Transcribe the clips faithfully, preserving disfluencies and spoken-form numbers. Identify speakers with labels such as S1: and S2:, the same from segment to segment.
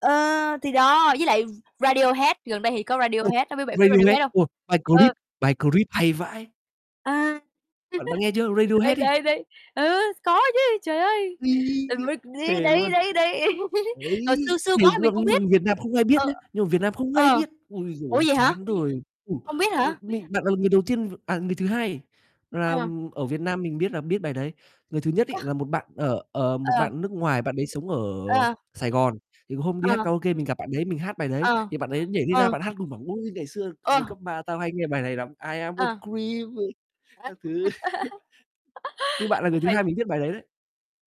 S1: Ờ, thì đó, với lại Radiohead, gần đây thì có
S2: Ô,
S1: Radiohead, chắc biết bạn biết
S2: Radiohead,
S1: Radiohead hông?
S2: ô, bài
S1: Ừ.
S2: "Creep," bài "Creep" hay vãi.
S1: Ờ,
S2: Bạn bạn nghe chưa?
S1: đấy,
S2: Radiohead ấy.
S1: đấy, đấy, ừ, có chứ, trời ơi.
S2: Uây,
S1: Tại vì, đi
S2: thề
S1: đấy,
S2: luôn.
S1: đấy, đấy,
S2: Đấy,
S1: ờ, xưa xưa
S2: thề
S1: quá mình
S2: luôn,
S1: không
S2: nhưng
S1: biết.
S2: mà Việt Nam không ai biết
S1: Ờ,
S2: nhá, nhưng mà Việt Nam không ai
S1: ờ.
S2: biết. Ôi giời
S1: Ủa,
S2: ơi,
S1: vậy hả?
S2: chán đời, ừ,
S1: Hông biết
S2: ơ,
S1: hả?
S2: bạn là người đầu tiên v à, người thứ hai là
S1: Ờ.
S2: ở Việt Nam mình biết là biết bài đấy. Người thứ nhất
S1: Ơ.
S2: ấy là một bạn, ờ, ờ, một
S1: À.
S2: bạn ở nước ngoài bạn đấy sống ở
S1: À.
S2: Sài Gòn, thì hôm đi hát
S1: Ờ.
S2: karaoke mình gặp bạn đấy mình hát bài đấy,
S1: Ờ,
S2: thì bạn ấy nhảy đi ra
S1: ờ.
S2: bạn hát cùng bảo "Ôi, ngày xưa từ hồi
S1: Ơ.
S2: cấp ba tao hay nghe bài này lắm, "I am a
S1: À.
S2: creep," ờ,
S1: [unintelligible]
S2: các thứ. Như bạn là
S1: Thú
S2: người thứ
S1: vị.
S2: hai mình biết bài đấy, đấy.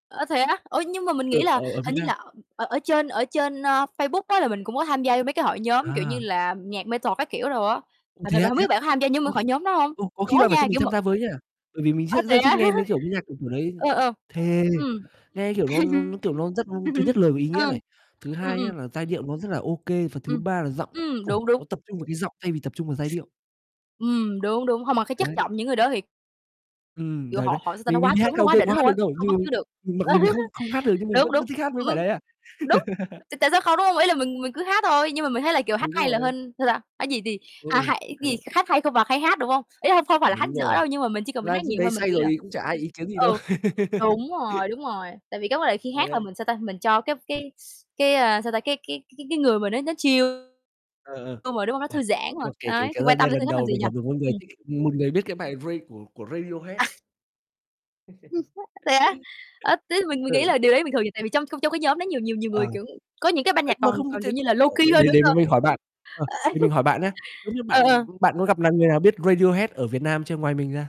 S1: Ơ, thế á, ủa, nhưng mà mình
S2: Ừ,
S1: nghĩ là
S2: ở ở Việt
S1: hình như
S2: Nam.
S1: là ở ở ở trên ở trên, a, Facebook á là mình cũng có tham gia vô mấy cái hội nhóm, kiểu
S2: À.
S1: như là, nhạc metal các kiểu đồ á,
S2: Ô,
S1: mình thì
S2: thế á,
S1: hông
S2: thế
S1: biết
S2: á?
S1: bạn có tham gia nhóm
S2: Ôi,
S1: hội nhóm đó hông?
S2: ô, có khi
S1: Có
S2: bạn phải
S1: nha,
S2: cho mình
S1: kiểu mà
S2: tham gia với nha, bởi vì mình
S1: Ơ,
S2: rất
S1: thế
S2: rất thích
S1: á.
S2: nghe mấy kiểu âm nhạc kiểu, kiểu đấy.
S1: Ờ, ờ,
S2: Thề,
S1: ừm.
S2: nghe kiểu nó nó nó, kiểu, nó rất thứ nhất lời có ý nghĩa
S1: Ừ,
S2: này, thứ
S1: ừm,
S2: hai nhá
S1: ừm.
S2: là giai điệu nó rất là ô kê, và thứ
S1: Ừm.
S2: ba là giọng,
S1: Ừm,
S2: ôi,
S1: đúng, đúng.
S2: nó tập trung vào cái giọng thay vì tập trung vào giai điệu.
S1: Ừm, đúng, đúng. Hông mà cái chất
S2: Đấy.
S1: giọng những người đó thì
S2: Ừm,
S1: Kiểu,
S2: đấy,
S1: họ
S2: đấy.
S1: họ sao nó
S2: Mình mình
S1: quá
S2: đi hát
S1: cứng, nó quá
S2: karaoke có
S1: đỉnh
S2: hát
S1: luôn á,
S2: được đâu,
S1: không bắt
S2: nhưng
S1: chước được.
S2: mình mặc dù mình không không hát được nhưng mình vẫn
S1: Đúng,
S2: cứ
S1: đúng,
S2: thích hát mấy
S1: ừm,
S2: bài
S1: ừm,
S2: đấy à.
S1: đúng, t tại sao không, đúng hông? Ý là mình mình cứ hát thôi, nhưng mà mình thấy là kiểu hát
S2: Đúng
S1: hay là
S2: rồi.
S1: hên, sao ta, ấy vậy thì,
S2: Ừ,
S1: à,
S2: ừ.
S1: hay
S2: Hay
S1: gì,
S2: đấy.
S1: hát hay không bằng hay hát, đúng hông? Ý là không phải là hát
S2: Đúng
S1: dở
S2: rồi,
S1: đâu nhưng mà mình chỉ cần mình
S2: ra
S1: hát
S2: lúc
S1: nhiều
S2: đấy
S1: thôi mình
S2: say
S1: nghĩ là
S2: rồi cũng chả ai ý kiến gì đâu.
S1: ừ, đúng rồi, đúng rồi, tại vì cái vấn đề khi
S2: Đấy,
S1: hát là
S2: đấy.
S1: mình, sao ta, mình cho cái
S2: Uầy.
S1: cái s cái, a, sao ta, cái cái cái cái người mình á nó chill mà,
S2: Ờ, ờ,
S1: đúng rồi, đúng hông? Nó
S2: uầy,
S1: thư giãn
S2: nhưng
S1: mà,
S2: mà kể
S1: đấy,
S2: kể
S1: thì
S2: ra
S1: quan tâm
S2: đây
S1: đến người
S2: lần
S1: khác làm
S2: đầu
S1: gì
S2: mình
S1: nhỉ?
S2: gặp được một người
S1: Ừm.
S2: thích một người biết cái bài Ra của của Radiohead
S1: À.
S2: đấy.
S1: [unintelligible] Thế á, ơ, thế thì mình mình nghĩ
S2: Ừ.
S1: là điều đấy bình thường tại vì trong trong cái nhóm đó nhiều nhiều nhiều
S2: Ờ.
S1: người, kiểu, có những cái ban
S2: Ơ,
S1: nhạc
S2: mà
S1: còn
S2: không
S1: còn kiểu
S2: thể
S1: như là low key hơn
S2: để
S1: nữa
S2: để
S1: cơ.
S2: mình hỏi bạn ờ,
S1: Ờ,
S2: để mình hỏi bạn nhá, giống như
S1: ờ,
S2: bạn
S1: ờ.
S2: bạn có gặp lại người nào biết Radiohead ở Việt Nam chưa ngoài mình ra?